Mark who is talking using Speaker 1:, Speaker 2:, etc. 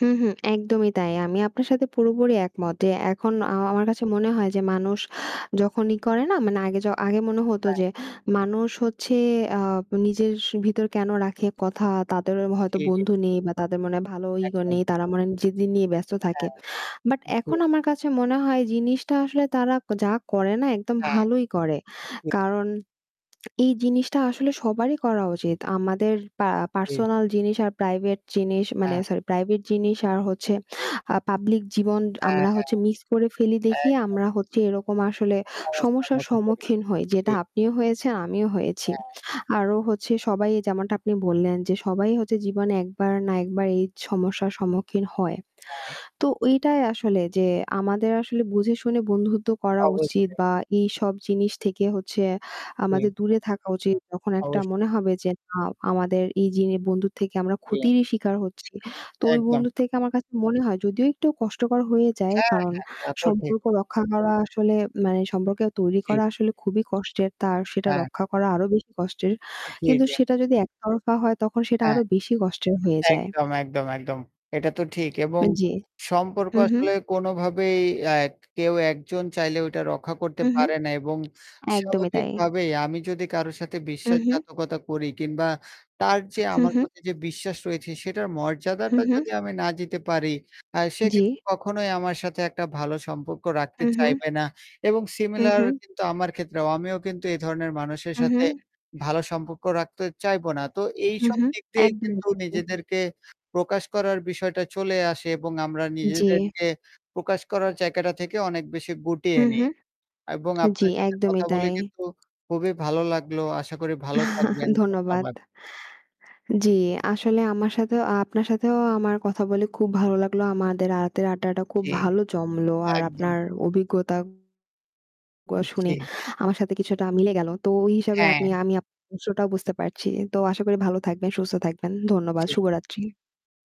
Speaker 1: হুম, হুম, একদমই তাই। আমি আপনার সাথে পুরোপুরি একমত যে এখন
Speaker 2: জি।
Speaker 1: আ আমার কাছে মনে হয় যে মানুষ যখনই করে না মানে আগে য আগে মনে হতো
Speaker 2: হ্যা।
Speaker 1: যে, "মানুষ হচ্ছে আ নিজের ভিতর কেনো রাখে, কথা। তাদের অ হয়তো
Speaker 2: জি, জি।
Speaker 1: বন্ধু নেই বা তাদের মনে হয় ভালো ইগো
Speaker 2: একদম।
Speaker 1: নেই। তারা মনে হয় নিজেদের নিয়ে ব্যস্ত
Speaker 2: হ্যা।
Speaker 1: থাকে।" বাট
Speaker 2: জি।
Speaker 1: এখন আমার কাছে মনে হয় জিনিসটা আসলে তারা যা করে না, একদম
Speaker 2: হ্যাঁ।
Speaker 1: ভালোই করে।
Speaker 2: ঠিক।
Speaker 1: কারণ এই জিনিসটা আসলে সবারই করা উচিত। আমাদের পা
Speaker 2: জি।
Speaker 1: পারসোনাল জিনিস আর প্রাইভেট জিনিস মানে
Speaker 2: হ্যাঁ।
Speaker 1: সরি প্রাইভেট জিনিস আর হচ্ছে আ পাব্লিক জীবন
Speaker 2: হ্যাঁ।
Speaker 1: আমরা
Speaker 2: হ্যাঁ।
Speaker 1: হচ্ছে মিস্ক করে ফেলি দেখেই
Speaker 2: একদম।
Speaker 1: আমরা হচ্ছে এরকম আসলে
Speaker 2: সমস্যা
Speaker 1: সমস্যার
Speaker 2: মতো করে।
Speaker 1: সম্মুখীন হই।
Speaker 2: জি।
Speaker 1: যেটা আপনিও হয়েছেন, আমিও হয়েছি।
Speaker 2: হ্যা।
Speaker 1: আরও হচ্ছে সবাই এ যেমনটা আপনি বললেন যে সবাই হচ্ছে
Speaker 2: জি।
Speaker 1: জীবনে একবার না একবার এই সমস্যার সম্মুখীন হয়।
Speaker 2: হ্যাঁ।
Speaker 1: তো ওইটাই আসলে যে আমাদের আসলে বুঝে শুনে বন্ধুত্ব করা উচিত
Speaker 2: অবশ্যই।
Speaker 1: বা এইসব জিনিস থেকে হচ্ছে
Speaker 2: জি।
Speaker 1: আমাদের দূরে থাকা উচিত। যখন একটা মনে
Speaker 2: অবশ্যই।
Speaker 1: হবে যে না আমাদের এই জিন বন্ধুর থেকে আমরা
Speaker 2: জি।
Speaker 1: ক্ষতিরই শিকার হচ্ছি। তো ওই
Speaker 2: একদম।
Speaker 1: বন্ধু থেকে আমার কাছে মনে হয় যদিও একটু কষ্টকর হয়ে যায়।
Speaker 2: হ্যাঁ,
Speaker 1: কারণ
Speaker 2: হ্যাঁ। এটা তো ঠিক।
Speaker 1: সম্পর্ক রক্ষা করা আসলে মানে সম্পর্কেও তৈরি
Speaker 2: জি।
Speaker 1: করা আসলে খুবই কষ্টের। তার সেটা
Speaker 2: হ্যাঁ।
Speaker 1: রক্ষা করা আরও বেশি কষ্টের।
Speaker 2: জি,
Speaker 1: কিন্তু
Speaker 2: জি।
Speaker 1: সেটা যদি এক তরফা হয় তখন সেটা
Speaker 2: হ্যাঁ।
Speaker 1: আরও বেশি কষ্টের হয়ে
Speaker 2: হ্যাঁ,
Speaker 1: যায়।
Speaker 2: একদম, একদম, একদম। এটা তো ঠিক এবং
Speaker 1: এ জি।
Speaker 2: সম্পর্ক
Speaker 1: হুম, হুম।
Speaker 2: আসলে কোনোভাবেই আ এক কেউ একজন চাইলে ওটা রক্ষা করতে
Speaker 1: হুম, হুম।
Speaker 2: পারে না এবং
Speaker 1: একদমই তাই।
Speaker 2: স্বাভাবিকভাবেই আমি যদি কারো সাথে
Speaker 1: হুম, হুম।
Speaker 2: বিশ্বাসঘাতকতা করি কিংবা তার যে
Speaker 1: হুম,
Speaker 2: আমার
Speaker 1: হুম।
Speaker 2: প্রতি যে বিশ্বাস রয়েছে সেটার
Speaker 1: হুম,
Speaker 2: মর্যাদাটা
Speaker 1: হুম।
Speaker 2: যদি আমি না দিতে পারি, আ সে কিন্তু
Speaker 1: জি।
Speaker 2: কখনোই আমার সাথে একটা ভালো সম্পর্ক রাখতে
Speaker 1: হুম, হুম।
Speaker 2: চাইবে না এবং
Speaker 1: হুম,
Speaker 2: similar
Speaker 1: হুম।
Speaker 2: কিন্তু আমার ক্ষেত্রেও আমিও কিন্তু এ ধরনের মানুষের
Speaker 1: হুম,
Speaker 2: সাথে
Speaker 1: হুম।
Speaker 2: ভালো সম্পর্ক রাখতে চাইবো না। তো
Speaker 1: হু,
Speaker 2: এইসব
Speaker 1: হুম।
Speaker 2: দিক দিয়ে
Speaker 1: একদমই
Speaker 2: কিন্তু
Speaker 1: তাই।
Speaker 2: নিজেদেরকে প্রকাশ করার বিষয়টা চলে আসে এবং আমরা
Speaker 1: জি।
Speaker 2: নিজেদেরকে প্রকাশ করার জায়গাটা থেকে অনেক বেশি গুটিয়ে
Speaker 1: হুম,
Speaker 2: নিই
Speaker 1: হুম।
Speaker 2: এবং
Speaker 1: জি,
Speaker 2: আপনার সাথে
Speaker 1: একদমই
Speaker 2: কথা বলে
Speaker 1: তাই।
Speaker 2: কিন্তু খুবই ভালো লাগলো। আশা করি ভালো থাকবেন।
Speaker 1: ধন্যবাদ।
Speaker 2: ধন্যবাদ।
Speaker 1: জি, আসলে আমার সাথেও আপনার সাথেও আমার কথা বলে খুব ভালো লাগলো। আমাদের আ রাতের আড্ডাটা খুব
Speaker 2: জি।
Speaker 1: ভালো জমলো। আর
Speaker 2: একদম।
Speaker 1: আপনার অভিজ্ঞতাগুলা
Speaker 2: উ
Speaker 1: শুনে
Speaker 2: জি।
Speaker 1: আমার সাথে কিছুটা মিলে গেল। তো ওই হিসাবে
Speaker 2: হ্যাঁ।
Speaker 1: আপনি আমি আপনার বিষয় টা বুঝতে পারছি। তো আশা করি ভালো থাকবেন, সুস্থ থাকবেন। ধন্যবাদ।
Speaker 2: জি।
Speaker 1: শুভরাত্রি।